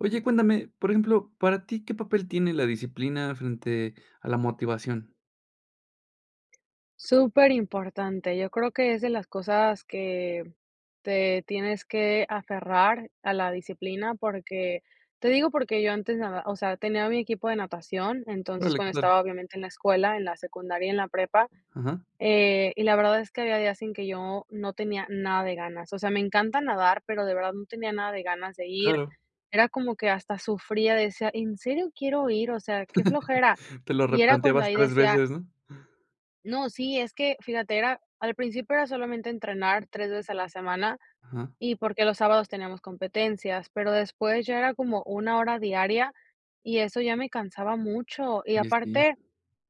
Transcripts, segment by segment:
Oye, cuéntame, por ejemplo, para ti, ¿qué papel tiene la disciplina frente a la motivación? Súper importante, yo creo que es de las cosas, que te tienes que aferrar a la disciplina porque, te digo, porque yo antes, nada o sea, tenía mi equipo de natación, entonces Órale, cuando claro. estaba, obviamente, en la escuela, en la secundaria, en la prepa, Ajá. eh, y la verdad es que había días en que yo no tenía nada de ganas, o sea, me encanta nadar, pero, de verdad no tenía nada de ganas de ir, Claro. era como que hasta sufría, decía: "¿En serio quiero ir?". O sea, qué flojera, Te lo y era cuando replanteabas ahí 3 decía veces, ¿no? no, sí es que fíjate, era al principio era solamente entrenar 3 veces a la semana, Ajá. y porque, los sábados teníamos competencias, pero después ya era como una hora diaria, y eso ya me cansaba mucho, y Y, así. aparte,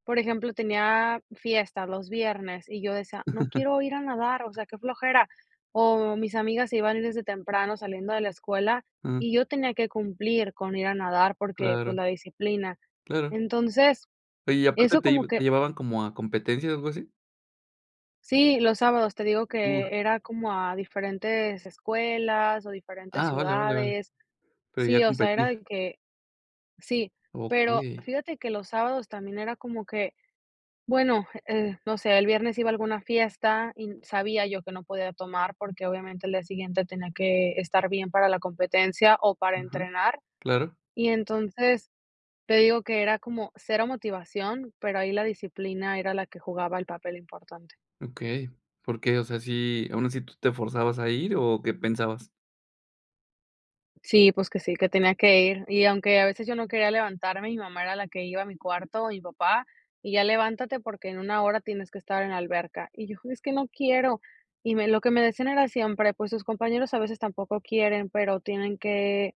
por ejemplo, tenía fiestas los viernes y yo decía: "No quiero ir a nadar, o sea, qué flojera". O mis amigas se iban desde temprano saliendo de la escuela, Ah. y yo tenía que cumplir con ir a nadar, porque, Claro. pues, la disciplina. Claro. Entonces, Oye, ¿y aparte eso te como iba te que llevaban como a competencias, o, algo así? Sí, los sábados te digo Uh. que era como a diferentes escuelas o diferentes Ah, vale, vale, vale. ciudades. Pero, ya a Sí, o sea, era competir. de que sí, pero Okey. fíjate que los sábados también era como que, bueno, eh, no sé, el viernes iba a alguna fiesta y sabía yo que no podía tomar, porque, obviamente, el día siguiente tenía que estar bien para la competencia o para Ajá. entrenar. Claro. Y entonces, te digo, que era como cero motivación, pero, ahí la disciplina era la que jugaba el papel importante. Okey, ¿por qué? O sea, si aún así tú te forzabas a ir, o, ¿qué pensabas? Sí, pues, que sí, que tenía que ir, y aunque a veces yo no quería levantarme, mi mamá era la que iba a mi cuarto, o mi papá, y ya levántate, porque, en una hora tienes que estar en la alberca. Y yo, es que no quiero. Y lo que me lo que me decían era siempre, pues, sus compañeros a veces tampoco quieren, pero tienen que,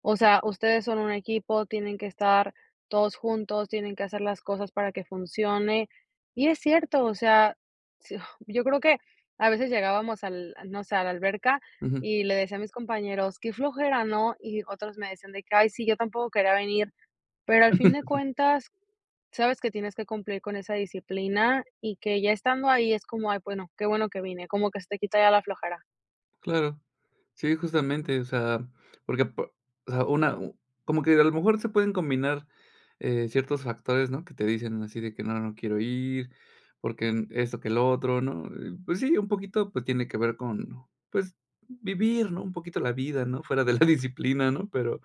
o sea, ustedes son un equipo, tienen que estar todos juntos, tienen que hacer las cosas para que funcione, y es cierto, o sea, s yo creo que a veces llegábamos, al, no sé, a la alberca Ujú. y le decía a mis compañeros: "Qué flojera, ¿no?", y otros me decían de que: "Ay sí, yo tampoco quería venir", pero, al fin de cuentas, sabes que tienes que cumplir con esa disciplina y que ya estando ahí es como: "Ay bueno, qué bueno que vine como que se te quita ya la flojera". Claro, sí, justamente, o sea, porque, po o sea, una uh como que a lo mejor se pueden combinar, eh, ciertos factores, ¿no? Que te dicen así de que no, no quiero ir, porque, em, esto que lo otro, ¿no? Eh, pues sí, un poquito, pues, tiene que ver con, pues, vivir, ¿no? Un poquito la vida, ¿no? Fuera de la disciplina, ¿no? Pero,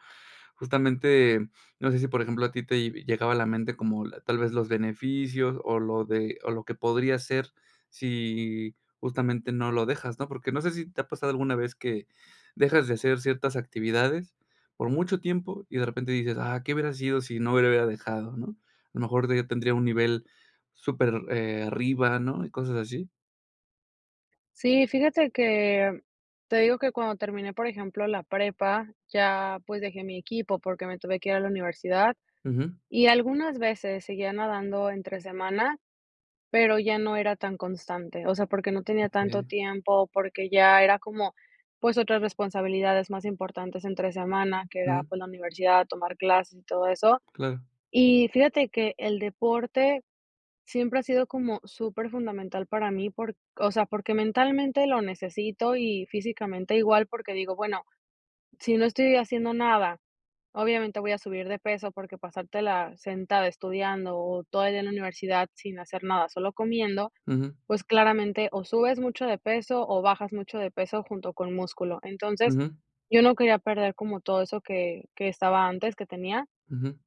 justamente, no sé si, por ejemplo, a ti te, vi llegaba a la mente como tal vez, los beneficios o lo de o lo que podría ser si justamente no lo dejas, ¿no? Porque, no sé, si te ha pasado alguna vez que dejas de hacer ciertas actividades por mucho tiempo y de repente dices: "Ah, ¿qué hubiera sido si no lo hubiera dejado?", ¿no? A lo mejor tendría un nivel super, eh, arriba, ¿no? Y cosas así. Sí, fíjate que te digo que cuando terminé, por ejemplo, la prepa, ya, pues, dejé mi equipo porque me tuve que ir a la universidad Ujú. y algunas veces seguía nadando entre semana, pero, ya no era tan constante. O sea, porque no tenía tanto Okey. tiempo, porque, ya era como, pues, otras responsabilidades más importantes entre semana, que era, Ujú. pues, la universidad, tomar clases y todo eso. Claro. Y fíjate que el deporte siempre ha sido como superfundamental para mí por, o sea, porque, mentalmente lo necesito y físicamente igual, porque, digo, bueno, si no estoy haciendo nada, obviamente voy a subir de peso, porque, pasartela sentada estudiando, o todo el día en la universidad sin hacer nada solo comiendo, Ujú. pues, claramente o subes mucho de peso, o bajas mucho de peso junto con músculo. Entonces Ujú. yo no quería perder como todo eso, que que estaba antes que tenía Ujú.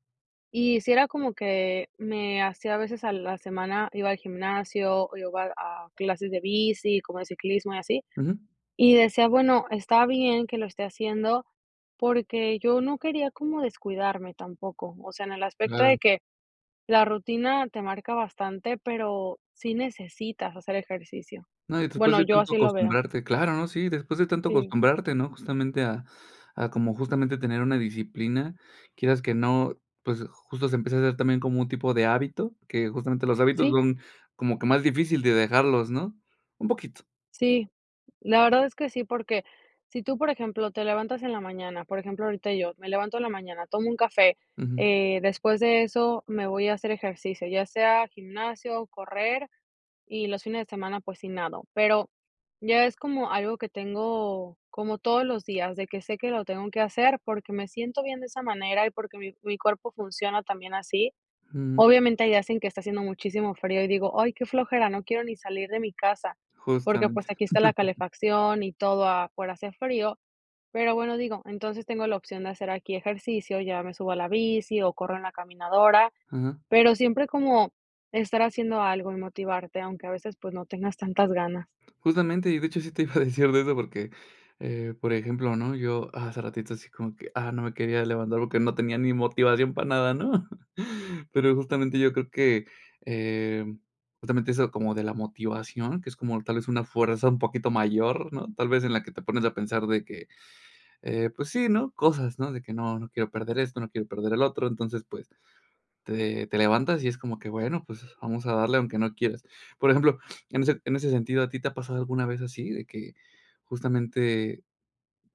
y sí era como que me hacía a veces a la semana, iba al gimnasio o iba a clases de bici, como de ciclismo y así, Ujú. y decía, bueno, está bien que lo esté haciendo, porque, yo no quería como descuidarme tampoco, o sea, en el aspecto Claro. de que la rutina te marca bastante, pero, sí necesitas hacer ejercicio. No, y después Bueno, de yo tanto así lo veo. acostumbrarte, claro, ¿no? Sí, después de tanto Sí. acostumbrarte, ¿no? Justamente, ah ah, como justamente tener una disciplina, quieras que no, pues, justo se empieza a hacer también como un tipo de hábito, que justamente los hábitos Sí. son como que más difícil de dejarlos, ¿no? Un poquito. Sí, la verdad es que sí, porque, si tú, por ejemplo, te levantas en la mañana, por ejemplo, ahorita yo me levanto en la mañana, tomo un café, Ujú. eh, después de eso me voy a hacer ejercicio, ya sea gimnasio, correr, y los fines de semana, pues, si nado, pero, ya es como algo que tengo como todos los días, de que sé que lo tengo que hacer, porque, me siento bien de esa manera y porque, mi mi cuerpo funciona también así. Mm. Obviamente, hay días en que está haciendo muchísimo frío y digo: "Ay, qué flojera, no quiero ni salir de mi casa", porque, pues, Justamente. aquí está la calefacción y todo, afuera hace frío, pero, bueno digo, entonces tengo la opción de hacer aquí ejercicio, ya me subo a la bici o corro en la caminadora, Ajá. pero, siempre como estar haciendo algo y motivarte, aunque a veces, pues, no tengas tantas ganas. Justamente y de hecho sí te iba a decir de eso, porque, eh, por ejemplo, ¿no? Yo hace ratito así como que, ah, no me quería levantar, porque, no tenía ni motivación para nada, ¿no? Pero, justamente, yo creo que, em, justamente eso, como de la motivación, que es como tal vez una fuerza un poquito mayor, ¿no? Tal vez, en la que te pones a pensar de que, eh, pues sí, ¿no? Cosas, ¿no? De que no no quiero perder esto, no quiero perder el otro, entonces, pues, te te levantas y es como que, bueno, pues, vamos a darle aunque no quieras. Por ejemplo, en ese en ese sentido, ¿a ti te ha pasado alguna vez así de que justamente,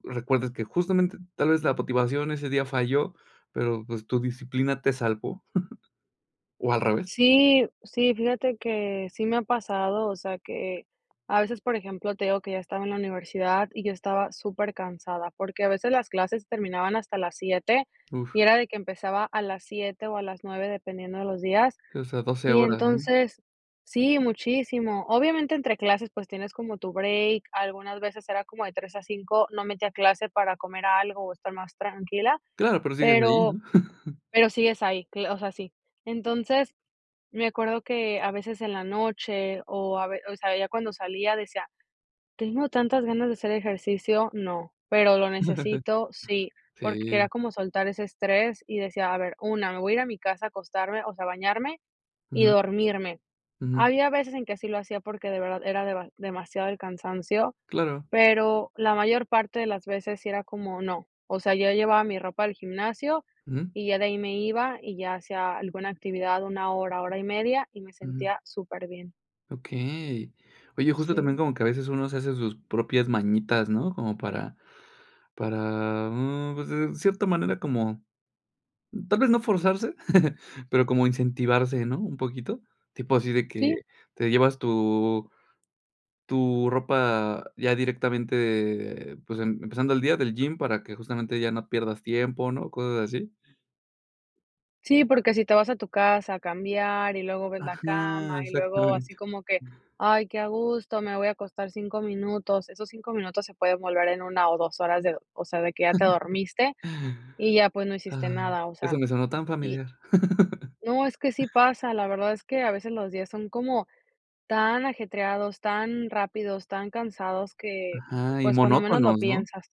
recuerdes que justamente tal vez la motivación ese día falló? Pero, pues, tu disciplina te salvó, ¿o al revés? Sí, sí, fíjate que sí me ha pasado, o sea, que a veces, por ejemplo, te digo que ya estaba en la universidad y yo estaba supercansada, porque, a veces las clases terminaban hasta las 7 Uf. y era de que empezaba a las 7 o a las 9 dependiendo de los días. O sea, 12, Y horas, ¿no? entonces, sí, muchísimo. Obviamente, entre clases, pues, tienes como tu break, algunas veces, era como de 3 a 5, no metía clase para comer algo o estar más tranquila, Claro, pero sigues ahí, pero ¿no? pero sí es ahí, o sea, sí. Entonces me acuerdo que a veces en la noche, o a ver, o sea, ya cuando salía decía: "¿Tengo tantas ganas de hacer ejercicio? No, ¿pero lo necesito? Sí", porque Sí. quería como soltar ese estrés y decía: "A ver, una, me voy a ir a mi casa a acostarme, o sea, bañarme y Ujú. dormirme". Ujú. Había veces en que así lo hacía, porque, de verdad era deba demasiado el cansancio, Claro. pero, la mayor parte de las veces sí era como no, o sea, yo llevaba mi ropa al gimnasio Ujú. y ya de ahí me iba, y ya hacía alguna actividad 1, hora, 1 1/2 y me Ujú. sentía superbién. Okey. Oye, justo también, Sí. como que a veces uno se hace sus propias mañitas, ¿no? Como para para, mm, pues, en cierta manera como tal vez no forzarse, pero, como incentivarse, ¿no? Un poquito. Tipo así de que Sí. te llevas tu tu ropa ya directamente, pues, em empezando el día del gym, para que justamente ya no pierdas tiempo, ¿no? Cosas así. Sí, porque si te vas a tu casa a cambiar, y luego ves la Ajá. cama, y luego así Exactamente. como que, ay, qué a gusto, me voy a acostar 5 minutos. Esos 5 minutos se pueden volver en una o 2 horas de o sea, de que ya te dormiste y ya, pues, no hiciste Ah, nada. O eso sea, me sonó tan y familiar. no, es que sí pasa, la verdad es que a veces los días son como tan ajetreados, tan rápidos, tan cansados que, Ajá. Y pues, cuando menos lo monótonos, ¿no? piensas.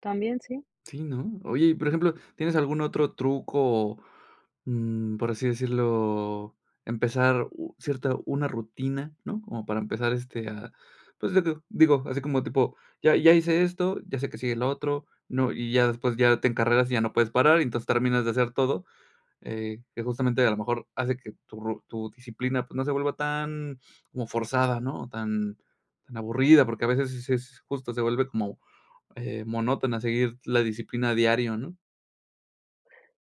También, sí. Sí, ¿no? Oye, y por ejemplo, ¿tienes algún otro truco? O, mm, por así decirlo, empezar u cierta una rutina, ¿no? Como para empezar, este, a, pues, de que digo, así como tipo, ya ya hice esto, ya sé que sigue lo otro, ¿no? Y ya después ya te encarreras, y ya no puedes parar, y entonces terminas de hacer todo, eh, que justamente a lo mejor hace que tu ru tu disciplina, pues, no se vuelva tan como forzada, ¿no? O, tan tan aburrida, porque a veces sí es sí es justo. Se vuelve como, eh, monótona a seguir la disciplina diario, ¿no?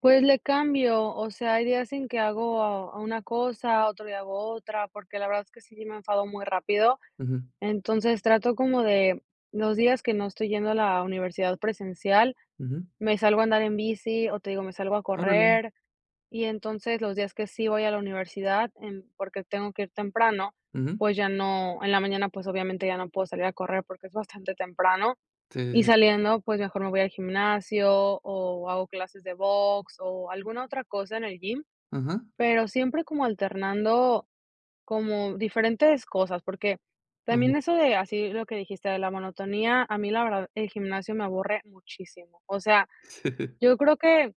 Pues le cambio. O sea, hay días en que hago una cosa, otro día hago otra. Porque la verdad es que sí, sí me enfado muy rápido. Ujú. Entonces trato, como de los días que no estoy yendo a la universidad presencial, Ujú. me salgo a andar en bici, o, te digo, me salgo a Órale. correr. Y entonces los días que sí voy a la universidad en porque tengo que ir temprano, Ujú. pues ya no en la mañana, pues obviamente ya no puedo salir a correr porque es bastante temprano. Sí, sí, Y sí. saliendo, pues, mejor me voy al gimnasio o hago clases de box o alguna otra cosa en el gym. Ajá. Pero siempre como alternando como diferentes cosas, porque Ajá. también eso de así lo que dijiste de la monotonía, a mí la verdad el gimnasio me aburre muchísimo. O sea, Sí. yo creo que,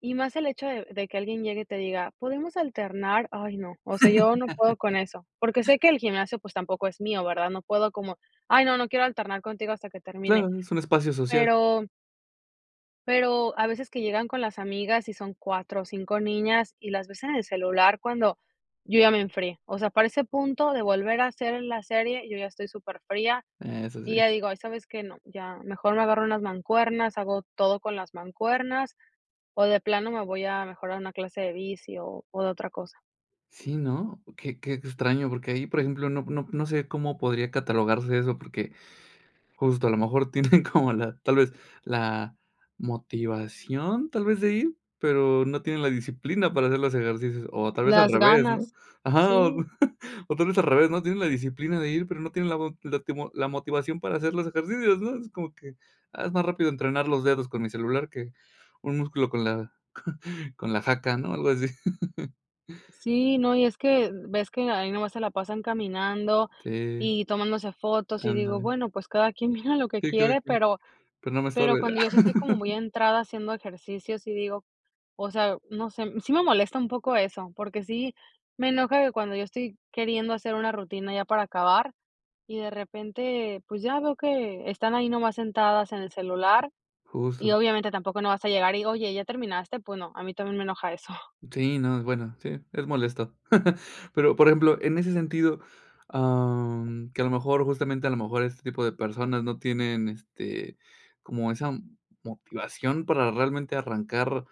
y más el hecho de de que alguien llegue y te diga: "Podemos alternar". Ay, no. O sea, yo no puedo con eso. Porque sé que el gimnasio, pues, tampoco es mío, ¿verdad? No puedo como: "Ay no, no quiero alternar contigo hasta que termine". Claro, es un espacio social. Pero pero a veces que llegan con las amigas, y son 4 o 5 niñas, y las ves en el celular cuando yo ya me enfrié. O sea, para ese punto de volver a hacer la serie, yo ya estoy superfría, Eso y sí. ya digo: "Ay, sabes que no, ya mejor me agarro unas mancuernas, hago todo con las mancuernas", o de plano me voy a mejor a una clase de bici, o o, de otra cosa. Sí, ¿no? Qué qué extraño. Porque ahí, por ejemplo, no no no sé cómo podría catalogarse eso, porque justo a lo mejor tienen como la tal vez, ¿la motivación tal vez de ir? Pero no tienen la disciplina para hacer los ejercicios. O tal vez al Las revés, ¿no? ganas. Ajá. O Sí. tal vez al revés, ¿no? Tienen la disciplina de ir, pero no tienen la la mo latimo la motivación para hacer los ejercicios, ¿no? Es como que, ah, es más rápido entrenar los dedos con mi celular que un músculo con la con la jaca, ¿no? Algo así. Sí, no. Y es que ves que ahí nomás se la pasan caminando, Okey. y tomándose fotos, y digo: Ándale. "Bueno, pues cada quien mira lo que Sí, cada quiere". quien. Pero Pero no me pero estorbes. cuando yo sí estoy como muy entrada haciendo ejercicios y digo o sea, no sé, sí me molesta un poco eso. Porque sí me enoja que cuando yo estoy queriendo hacer una rutina ya para acabar y de repente, pues ya veo que están ahí nomás sentadas en el celular y, Justo. obviamente, tampoco no vas a llegar y: "Oye, ¿ya terminaste?". Pues no, a mí también me enoja eso. Sí, no. Es bueno. Sí, es molesto. Pero, por ejemplo, en ese sentido, em, que a lo mejor, justamente, a lo mejor este tipo de personas no tienen, este, como esa motivación para realmente arrancar,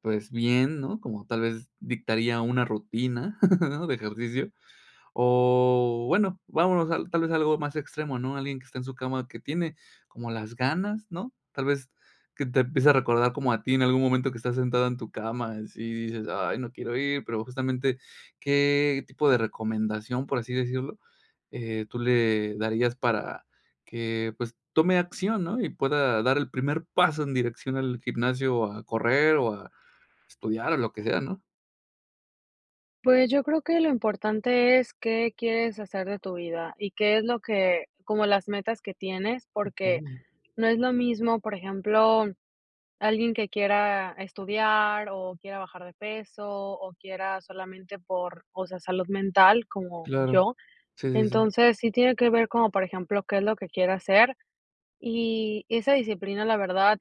pues bien, ¿no? Como tal vez dictaría una rutina ¿no? De ejercicio. O bueno, vámonos a tal vez algo más extremo, ¿no? Alguien que está en su cama que tiene como las ganas, ¿no? Tal vez que te empiece a recordar como a ti en algún momento que estás sentado en tu cama, y así dices: "Ay no quiero ir", pero justamente, ¿qué tipo de recomendación, por así decirlo, eh, tú le darías para que, pues, tome acción?, ¿no? Y pueda dar el primer paso en dirección al gimnasio a correr, o a estudiar, o lo que sea, ¿no? Pues, yo creo que lo importante es qué quieres hacer de tu vida y qué es lo que como las metas que tienes, porque Okey. no es lo mismo, por ejemplo, alguien que quiera estudiar o quiera bajar de peso o quiera solamente por o sea, salud mental, como Claro, yo. sí, sí, sí. Entonces, sí tiene que ver como, por ejemplo, qué es lo que quiere hacer y esa disciplina, la verdad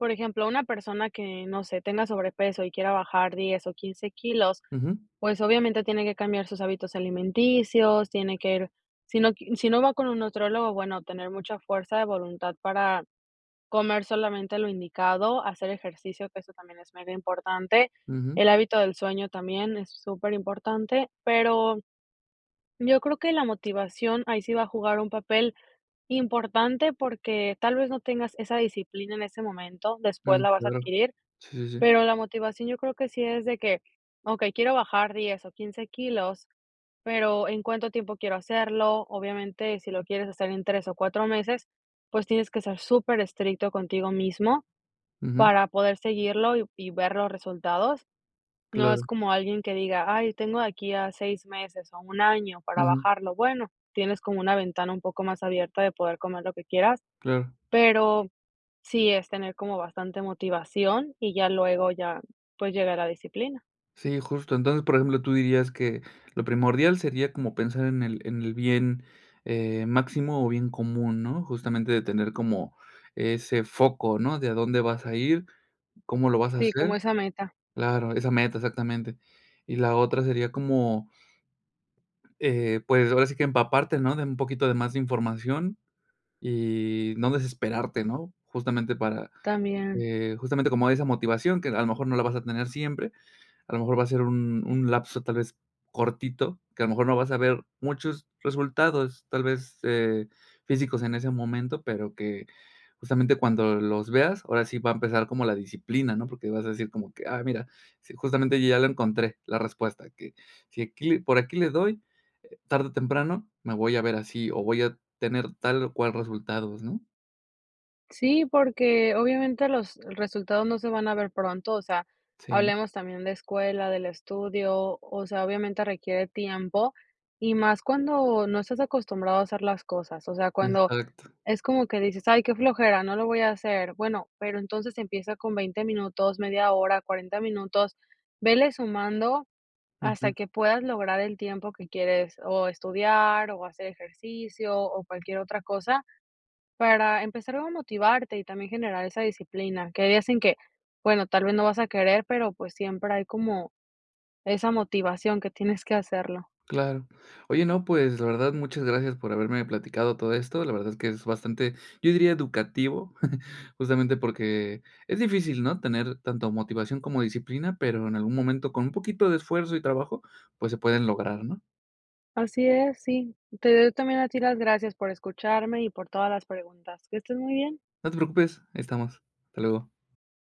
Por ejemplo, una persona que no sé, tenga sobrepeso y quiera bajar 10 o 15 kilos, Ujú. pues, obviamente, tiene que cambiar sus hábitos alimenticios, tiene que ir, si no q si no va con un nutriólogo, bueno, tener mucha fuerza de voluntad para comer solamente lo indicado, hacer ejercicio, que eso también es muy importante, Ujú. el hábito del sueño también es superimportante, pero yo creo que la motivación ahí sí va a jugar un papel importante porque, tal vez, no tengas esa disciplina en ese momento. Después Mm, la vas a claro. adquirir, Sí, sí, sí. pero la motivación yo creo que sí es de que: "Okey, quiero bajar 10 o 15 kilos, pero, ¿en cuánto tiempo quiero hacerlo?", obviamente, si lo quieres hacer en 3 o 4 meses, pues tienes que ser superestricto contigo mismo, Ujú. para poder seguirlo y y ver los resultados. No es Claro. como alguien que diga: "Ay tengo de aquí a 6 meses o un año para Ujú. bajarlo". Bueno, tienes como una ventana un poco más abierta de poder comer lo que quieras, Claro. pero, sí es tener como bastante motivación y ya luego ya, pues, llegara disciplina. Sí, justo. Entonces, por ejemplo, tú dirías que lo primordial sería como pensar en el en el bien, eh, máximo o bien común, ¿no?, justamente de tener como ese foco, ¿no?, de a dónde vas a ir, cómo lo vas a Sí, como hacer. esa meta. Claro, esa meta, exactamente. Y la otra sería como eh, pues, ahora sí que empaparte, ¿no?, de un poquito de más de información y no desesperarte, ¿no?, justamente para, También. eh, justamente como hay esa motivación, que a lo mejor no la vas a tener siempre, a lo mejor va a ser un un lapso tal vez cortito, que a lo mejor no vas a ver muchos resultados, tal vez, eh, físicos en ese momento, pero que, justamente cuando los veas, ahora sí va a empezar como la disciplina, ¿no?, porque vas a decir como que, ah, mira, sí, justamente yo ya la encontré, la respuesta, que si aquí le por aquí le doy, eh, tarde o temprano me voy a ver así, o voy a tener tal o cual resultados, ¿no? Sí, porque obviamente los resultados no se van a ver pronto, o sea, Sí. hablemos también de escuela, del estudio, o sea, obviamente requiere tiempo y más cuando no estás acostumbrado a hacer las cosas, o sea, cuando Exacto. es como que dices: "Ay, qué flojera, no lo voy a hacer". Bueno, pero entonces empieza con 20 minutos, media hora, 40 minutos, ve sumando Ujú. hasta que puedas lograr el tiempo que quieres o estudiar o hacer ejercicio o cualquier otra cosa para empezar a motivarte y también generar esa disciplina. Que hay días en que, bueno, tal vez no vas a querer, pero pues siempre hay como esa motivación que tienes que hacerlo. Claro. Oye, no, pues, la verdad, muchas gracias por haberme platicado todo esto. La verdad es que es bastante, yo diría, educativo. Justamente porque es difícil, ¿no? Tener tanto motivación como disciplina, pero en algún momento, con un poquito de esfuerzo y trabajo, pues, se pueden lograr, ¿no? Así es, sí. Te doy yo también a ti las gracias por escucharme y por todas las preguntas. Que estés muy bien. No te preocupes, aqui estamos. Hasta luego.